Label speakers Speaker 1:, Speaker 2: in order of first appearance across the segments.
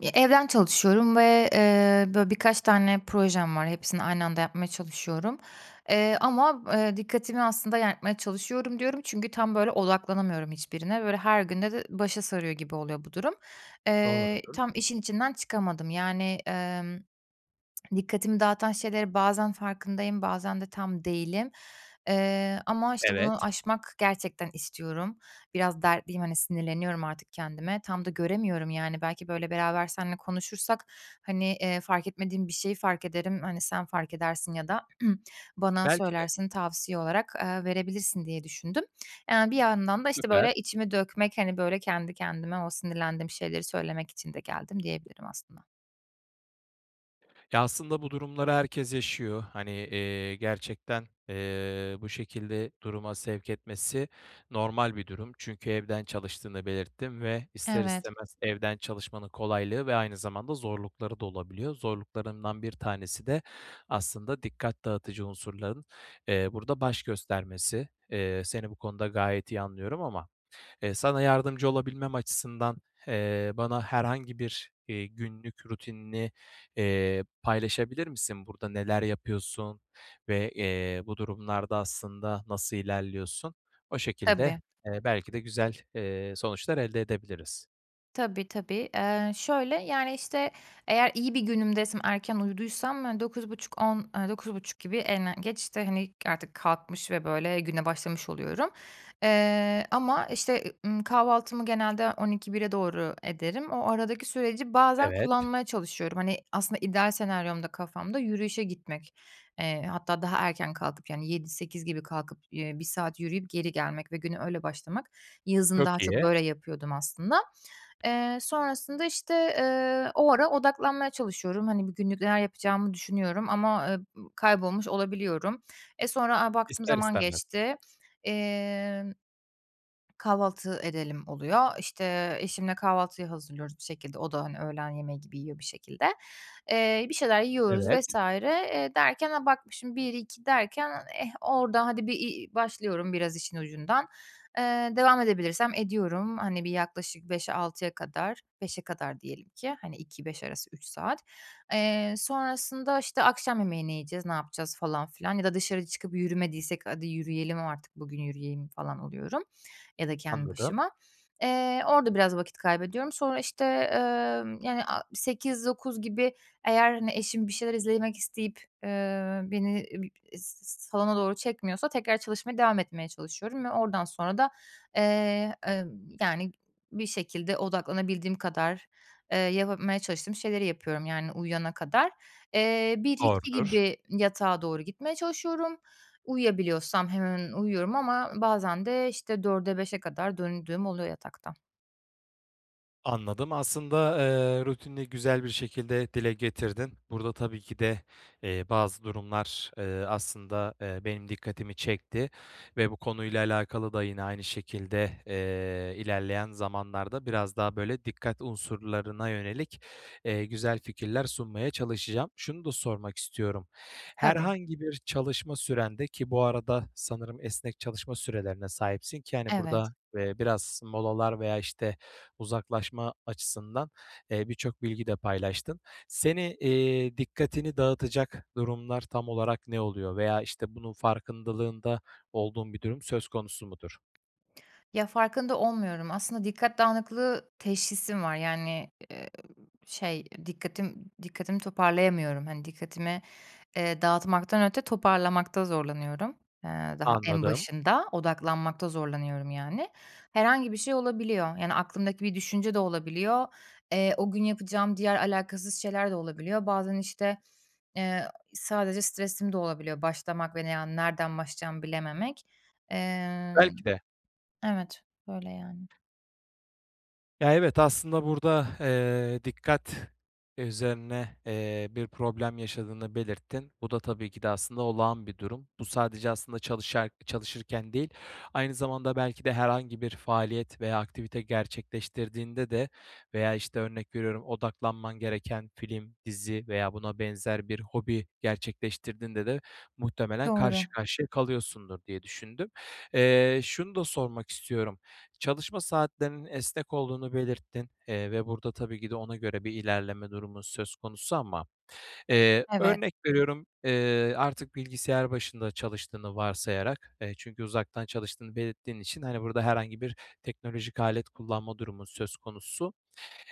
Speaker 1: Ya, evden çalışıyorum ve, eee, böyle, birkaç tane projem var. Hepsini aynı anda yapmaya çalışıyorum. Eee, ama, eee, dikkatimi aslında [unintelligible] çalışıyorum, diyorum çünkü tam böyle odaklanamıyorum hiçbirine. Böyle her günde de başa sarıyor gibi oluyor bu durum. Eee,
Speaker 2: Doğrudur.
Speaker 1: tam işin içinden çıkamadım. Yani, eee, dikkatimi dağıtan şeylerin bazen farkındayım, bazen de tam değilim. Eee, ama, işte, bunu
Speaker 2: Evet.
Speaker 1: aşmak gerçekten istiyorum. Biraz dertliyim, hani, sinirleniyorum artık kendime. Tam da göremiyorum yani. Belki, böyle, beraber seninle konuşursak, hani, eee, fark etmediğim bir şeyi fark ederim. Hani, sen fark edersin ya da bana
Speaker 2: Belki de.
Speaker 1: söylersin tavsiye olarak, eee, verebilirsin diye düşündüm. Yani bir yandan da, işte, böyle,
Speaker 2: Süper.
Speaker 1: içimi dökmek, hani, böyle kendi kendime o sinirlendiğim şeyleri söylemek için de geldim diyebilirim aslında.
Speaker 2: Ya ,aslında bu durumları herkes yaşıyor. Hani, eee, gerçekten, eee, bu şekilde duruma sevk etmesi normal bir durum. Çünkü evden çalıştığını belirttin ve ister
Speaker 1: Evet.
Speaker 2: istemez evden çalışmanın kolaylığı ve aynı zamanda zorlukları da olabiliyor. Zorluklarından bir tanesi de aslında dikkat dağıtıcı unsurların, eee, burada baş göstermesi. Eee, seni bu konuda gayet iyi anlıyorum ama, eee, sana yardımcı olabilmem açısından, eee, bana herhangi bir, eee, günlük rutinini, eee, paylaşabilir misin burada? Neler yapıyorsun ve, eee, bu durumlarda aslında nasıl ilerliyorsun? O şekilde,
Speaker 1: Tabii.
Speaker 2: eee, belki de güzel, eee, sonuçlar elde edebiliriz.
Speaker 1: Tabii, tabii. Eee, şöyle: Yani, işte, eğer iyi bir günümdeysem, erken uyuduysam 9.30-10.00, eee, 9.30 gibi en, eee, geç, işte, hani, artık kalkmış ve, böyle, güne başlamış oluyorum. Eee, ama, işte, eee, ımm, kahvaltımı genelde 12.00-13.00'e doğru ederim. O aradaki süreci bazen
Speaker 2: Evet.
Speaker 1: kullanmaya çalışıyorum. Hani, aslında ideal senaryomda kafamda yürüyüşe gitmek, eee, hatta daha erken kalkıp yani 7.00-8.00 gibi kalkıp, eee, 1 saat yürüyüp geri gelmek ve güne öyle başlamak... Yazın
Speaker 2: Çok
Speaker 1: daha çok
Speaker 2: iyi.
Speaker 1: böyle yapıyordum aslında. Eee, sonrasında, işte, eee, o ara odaklanmaya çalışıyorum. Hani, bugünlük neler yapacağımı düşünüyorum ama, eee, ııı, kaybolmuş olabiliyorum. Eee, sonra, a, baktım
Speaker 2: İster
Speaker 1: zaman
Speaker 2: istemez.
Speaker 1: geçti. İmm "Kahvaltı edelim." oluyor. İşte, eşimle kahvaltıyı hazırlıyoruz bir şekilde. O da, hani, öğlen yemeği gibi yiyor bir şekilde. Eee, bir şeyler yiyoruz
Speaker 2: Evet.
Speaker 1: vs. Eee, derken, a, bakmışım 1-2 derken eh, orada hadi, bir, iii, başlıyorum biraz işin ucundan. Eee, devam edebilirsem ediyorum. Hani, bir yaklaşık 5'e, 6'ya kadar, 5'e kadar diyelim ki hani, 14.00-17.00 arası 3 saat. Eee, sonrasında, işte, "Akşam yemeği ne yiyeceğiz, ne yapacağız? falan filan ya da dışarı çıkıp yürümediysek "Hadi yürüyelim. Artık bugün yürüyeyim." falan oluyorum ya da kendi
Speaker 2: Anladım.
Speaker 1: başıma. Eee, orada biraz vakit kaybediyorum. Sonra, işte, eee, yani a 20.00-21.00 gibi eğer, hani, eşim bir şeyler izlemek isteyip, eee, beni b s salona doğru çekmiyorsa tekrar çalışmaya devam etmeye çalışıyorum ve oradan sonra da, eee, emm, yani, bir şekilde odaklanabildiğim kadar, eee, yapabilmeye çalıştığım şeyleri yapıyorum yani uyuyana kadar. Eee, 01.00-02.00
Speaker 2: Doğrudur.
Speaker 1: gibi yatağa doğru gitmeye çalışıyorum. Uyuyabiliyorsam hemen uyuyorum ama bazen de, işte, 04.00'e, 05.00'e kadar döndüğüm oluyor yatakta.
Speaker 2: Anladım aslında, eee, rutinini güzel bir şekilde dile getirdin. Burada tabii ki de, eee, bazı durumlar, eee, aslında, eee, benim dikkatimi çekti ve bu konuyla alakalı da yine aynı şekilde, eee, ilerleyen zamanlarda biraz daha, böyle, dikkat unsurlarına yönelik, eee, güzel fikirler sunmaya çalışacağım. Şunu da sormak istiyorum:
Speaker 1: Tabii.
Speaker 2: Herhangi bir çalışma sürende ki bu arada esnek çalışma sürelerine sahipsin ki hani,
Speaker 1: Evet.
Speaker 2: burada, eee, biraz molalar veya, işte, uzaklaşma açısından, eee, birçok bilgi de paylaştın. Seni, iii, dikkatini dağıtacak durumlar tam olarak ne oluyor? Veya, işte, bunun farkındalığında olduğun bir durum söz konusu mudur?
Speaker 1: Ya, farkında olmuyorum. Aslında dikkat dağınıklığı teşhisim var. Yani, eee, b şey... Dikkatim dikkatimi toparlayamıyorum. Hani, dikkatimi, eee, dağıtmaktan öte toparlamakta zorlanıyorum, eee, daha en
Speaker 2: Anladım.
Speaker 1: başında; odaklanmakta zorlanıyorum yani. Herhangi bir şey olabiliyor. Yani, aklımdaki bir düşünce de olabiliyor. Eee, o gün yapacağım diğer, alakasız şeyler de olabiliyor. Bazen, işte, eee, sadece stresim de olabiliyor başlamak ve ne yani nereden başlayacağımı bilememek. Eee.
Speaker 2: Belki de.
Speaker 1: Evet, böyle yani.
Speaker 2: Ya, evet. Aslında burada, eee, dikkat üzerine, eee, bir problem yaşadığını belirttin. Bu da tabii ki de, aslında, olağan bir durum. Bu sadece, aslında, çalışar çalışırken değil, aynı zamanda belki de herhangi bir faaliyet veya aktivite gerçekleştirdiğinde de veya, işte, örnek veriyorum, odaklanman gereken film, dizi veya buna benzer bir hobi gerçekleştirdiğinde de muhtemelen
Speaker 1: Doğru.
Speaker 2: karşı karşıya kalıyorsundur diye düşündüm. Eee, şunu da sormak istiyorum: Çalışma saatlerinin esnek olduğunu belirttin, eee, ve burada tabii ki de ona göre bir ilerleme durumu söz konusu ama, eee,
Speaker 1: Evet.
Speaker 2: örnek veriyorum, eee, artık bilgisayar başında çalıştığını varsayarak, eee, çünkü uzaktan çalıştığını belirttiğin için, hani, burada herhangi bir teknolojik alet kullanma durumu söz konusu.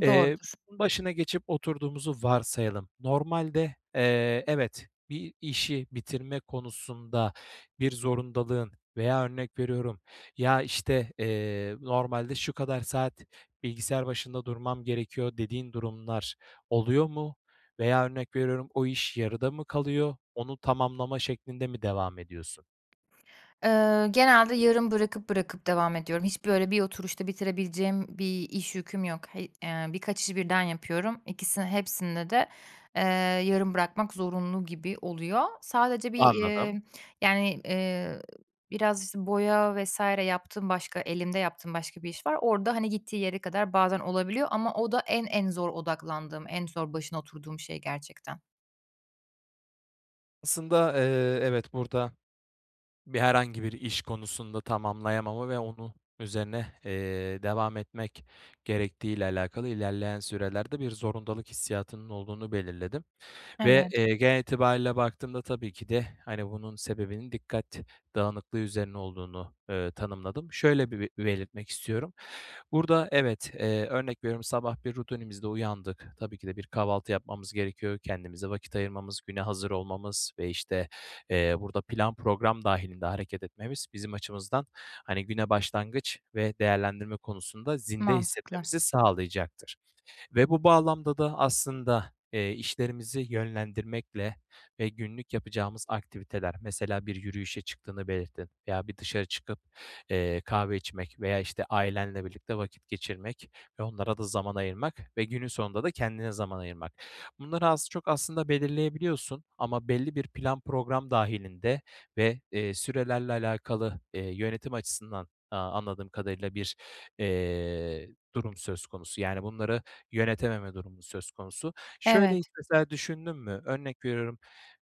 Speaker 2: Eee,
Speaker 1: Doğrudur.
Speaker 2: başına geçip oturduğumuzu varsayalım. Normalde, eee, evet, bir işi bitirme konusunda bir zorundalığın veya örnek veriyorum, ya, işte, eee, "Normalde şu kadar saat bilgisayar başında durmam gerekiyor." dediğin durumlar oluyor mu? Veya örnek veriyorum, o iş yarıda mı kalıyor? Onu tamamlama şeklinde mi devam ediyorsun?
Speaker 1: Eee, genelde yarım bırakıp bırakıp devam ediyorum. Hiç, böyle, bir oturuşta bitirebileceğim bir iş yüküm yok. He eee, birkaç işi birden yapıyorum, ikisi hepsinide de, eee, yarım bırakmak zorunlu gibi oluyor. Sadece bir,
Speaker 2: Anladım.
Speaker 1: eee, yani, eee, biraz, işte, boya vs. yaptığım, başka elimde yaptığım başka bir iş var. Orada, hani, gittiği yere kadar bazen olabiliyor ama o da en en zor odaklandığım, en zor başına oturduğum şey gerçekten.
Speaker 2: Aslında, eee, evet, burada bir herhangi bir iş konusunda tamamlayamama ve onun üzerine, eee, devam etmek gerektiği ile alakalı ilerleyen sürelerde bir zorundalık hissiyatının olduğunu belirledim ve,
Speaker 1: Evet.
Speaker 2: eee, genel itibariyle baktığımda tabii ki de, hani, bunun sebebinin dikkat dağınıklığı üzerine olduğunu, eee, tanımladım. Şöyle bir belirtmek istiyorum: Burada, evet, eee, örnek veriyorum, sabah bir rutinimizde uyandık. Tabii ki de bir kahvaltı yapmamız gerekiyor. Kendimize vakit ayırmamız, güne hazır olmamız ve, işte, eee, burada plan program dâhilinde hareket etmemiz bizim açımızdan, hani, güne başlangıç ve değerlendirme konusunda zinde
Speaker 1: Mantıklı.
Speaker 2: hissetmemizi sağlayacaktır. Ve bu bağlamda da aslında, eee, işlerimizi yönlendirmekle ve günlük yapacağımız aktiviteler mesela, bir yürüyüşe çıktığını belirtin veya bir dışarı çıkıp, eee, kahve içmek veya, işte, ailenle birlikte vakit geçirmek ve onlara da zaman ayırmak ve günün sonunda da kendine zaman ayırmak. Bunları az, çok aslında belirleyebiliyorsun ama belli bir plan program dâhilinde ve, eee, sürelerle alakalı, eee, yönetim açısından, aaa, anladığım kadarıyla bir, eee, durum söz konusu. Yani bunları yönetememe durumu söz konusu. Şöyle hiç,
Speaker 1: Evet.
Speaker 2: mesela, düşündün mü? Örnek veriyorum,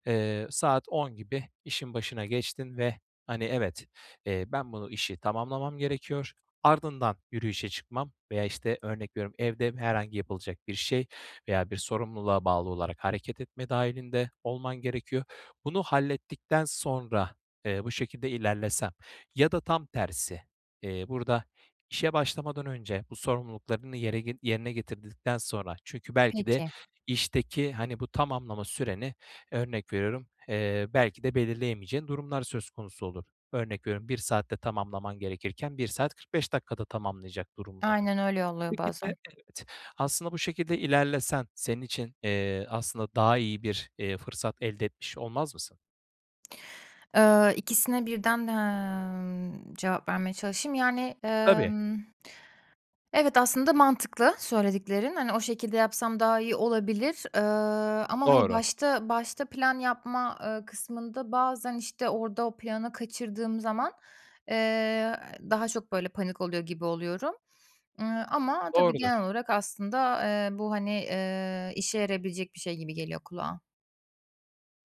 Speaker 2: eee, saat 10 gibi işin başına geçtin ve, hani, evet, eee, ben bunu, işi tamamlamam gerekiyor, ardından yürüyüşe çıkmam veya, işte, örnek veriyorum, evde herhangi yapılacak bir şey veya bir sorumluluğa bağlı olarak hareket etme dâhilinde olman gerekiyor. Bunu hallettikten sonra, eee, bu şekilde ilerlesen ya da tam tersi, eee, burada işe başlamadan önce bu sorumluluklarını yere yerine getirdikten sonra Çünkü belki de
Speaker 1: Peki.
Speaker 2: işteki, hani, bu tamamlama süreni, örnek veriyorum, eee, belki de belirleyemeyeceğin durumlar söz konusu olur. Örnek veriyorum, 1 saatte tamamlaman gerekirken 1 saat 45 dakikada tamamlayacak durumun olur.
Speaker 1: Aynen öyle oluyor
Speaker 2: Belki de
Speaker 1: bazen.
Speaker 2: evet, aslında bu şekilde ilerlesen senin için, eee, aslında daha iyi bir fırsat elde, eee, etmiş olmaz mısın?
Speaker 1: Eee, ikisine birden, emm, cevap vermeye çalışayım. Yani,
Speaker 2: Tabii.
Speaker 1: ımm, evet, aslında mantıklı söylediklerin. Hani o şekilde yapsam daha iyi olabilir. Iıı, ama, hani,
Speaker 2: Doğru.
Speaker 1: başta başta plan yapma, ııı, kısmında bazen, işte, orada o planı kaçırdığım zaman, eee, daha çok, böyle, panik oluyor gibi oluyorum, ııı, ama tabii genel
Speaker 2: Doğrudur.
Speaker 1: olarak aslında, eee, bu, hani, eee, işe yarayabilecek bir şey gibi geliyor kulağa.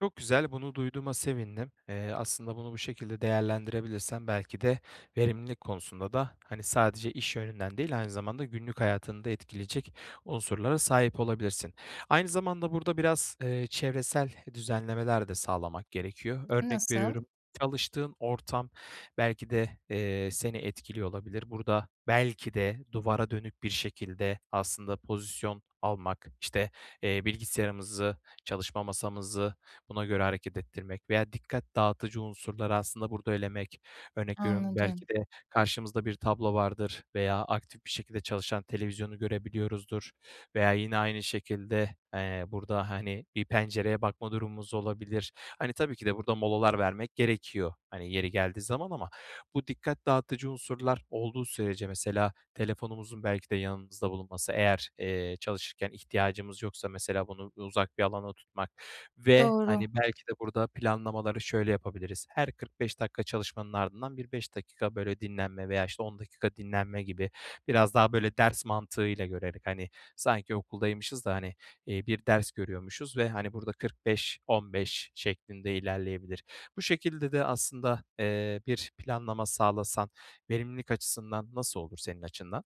Speaker 2: Çok güzel, bunu duyduğuma sevindim. Eee, aslında bunu bu şekilde değerlendirebilirsen belki de verimlilik konusunda da, hani, sadece iş yönünden değil, aynı zamanda günlük hayatını da etkileyecek unsurlara sahip olabilirsin. Aynı zamanda burada biraz, eee, çevresel düzenlemeler de sağlamak gerekiyor. Örnek
Speaker 1: Nasıl?
Speaker 2: veriyorum: Çalıştığın ortam belki de, eee, seni etkiliyor olabilir. Burada belki de duvara dönük bir şekilde aslında pozisyon almak, işte, eee, bilgisayarımızı, çalışma masamızı buna göre hareket ettirmek veya dikkat dağıtıcı unsurları, aslında, burada elemek... Örnek veriyorum,
Speaker 1: Anladım.
Speaker 2: belki de karşımızda bir tablo vardır veya aktif bir şekilde çalışan televizyonu görebiliyoruzdur veya yine aynı şekilde, eee, burada, hani, bir pencereye bakma durumumuz olabilir. Hani, tabii ki de burada molalar vermek gerekiyor, hani, yeri geldiği zaman ama bu dikkat dağıtıcı unsurlar olduğu sürece mesela telefonumuzun belki de yanımızda bulunması, eğer, eee, çalışırken ihtiyacımız yoksa, mesela bunu uzak bir alana tutmak ve,
Speaker 1: Doğru.
Speaker 2: hani, belki de burada planlamaları şöyle yapabiliriz: Her 45 dakika çalışmanın ardından bir 5 dakika, böyle, dinlenme veya, işte, 10 dakika dinlenme gibi, biraz daha, böyle, ders mantığıyla görerek, hani, sanki okuldaymışız da, hani, eee, bir ders görüyormuşuz ve, hani, burada 45, 15 şeklinde ilerleyebilir. Bu şekilde de aslında, eee, bir planlama sağlasan verimlilik açısından nasıl olur senin açından?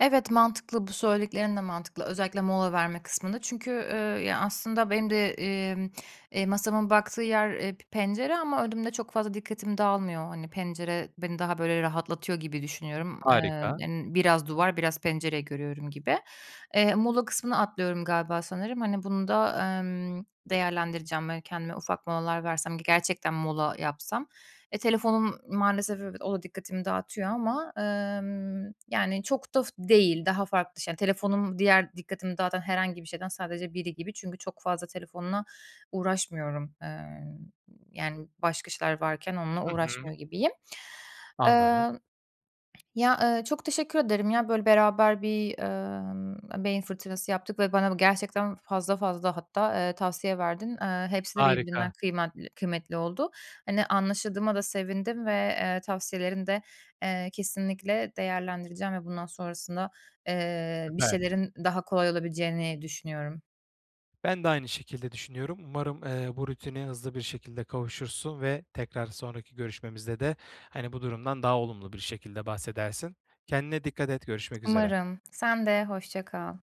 Speaker 1: Evet, mantıklı. Bu söylediklerin de mantıklı, özellikle mola verme kısmında. Çünkü, eee, ya aslında benim de, emm, eee, masamın baktığı yer, eee, p pencere ama önümde çok fazla dikkatim dağılmıyor. Hani, pencere beni daha böyle rahatlatıyor gibi düşünüyorum. Eee,
Speaker 2: Harika.
Speaker 1: yani biraz duvar, biraz pencere görüyorum gibi. Eee mola kısmını atlıyorum galiba sanırım. Hani bunu da, emm, değerlendireceğim ve kendime ufak molalar versem ki gerçekten mola yapsam, eee, telefonum maalesef o da dikkatimi dağıtıyor ama, emm, yani çok da f değil. Daha farklı şey telefonum diğer dikkatimi dağıtan herhangi bir şeyden sadece biri gibi çünkü çok fazla telefonla uğraşmıyorum. Eee, yani başka işler varken onunla
Speaker 2: Hı hı.
Speaker 1: uğraşmıyor gibiyim.
Speaker 2: Anladım.
Speaker 1: Eee, ya, eee, çok teşekkür ederim ya böyle beraber bir, emm, beyin fırtınası yaptık ve bana gerçekten fazla fazla hatta, eee, tavsiye verdin. Eee, hepsi de
Speaker 2: Harika.
Speaker 1: birbirinden kıymatli kıymetli oldu. Hani, anlaşıldığıma da sevindim ve, eee, tavsiyelerini de, eee, kesinlikle değerlendireceğim ve bundan sonrasında, eee, bir
Speaker 2: Süper.
Speaker 1: şeylerin daha kolay olabileceğini düşünüyorum.
Speaker 2: Ben de aynı şekilde düşünüyorum, umarım, eee, bu rutine hızlı bir şekilde kavuşursun ve tekrar sonraki görüşmemizde de, hani, bu durumdan daha olumlu bir şekilde bahsedersin. Kendine dikkat et görüşmek üzere.
Speaker 1: Umarım sen de hoşça kal.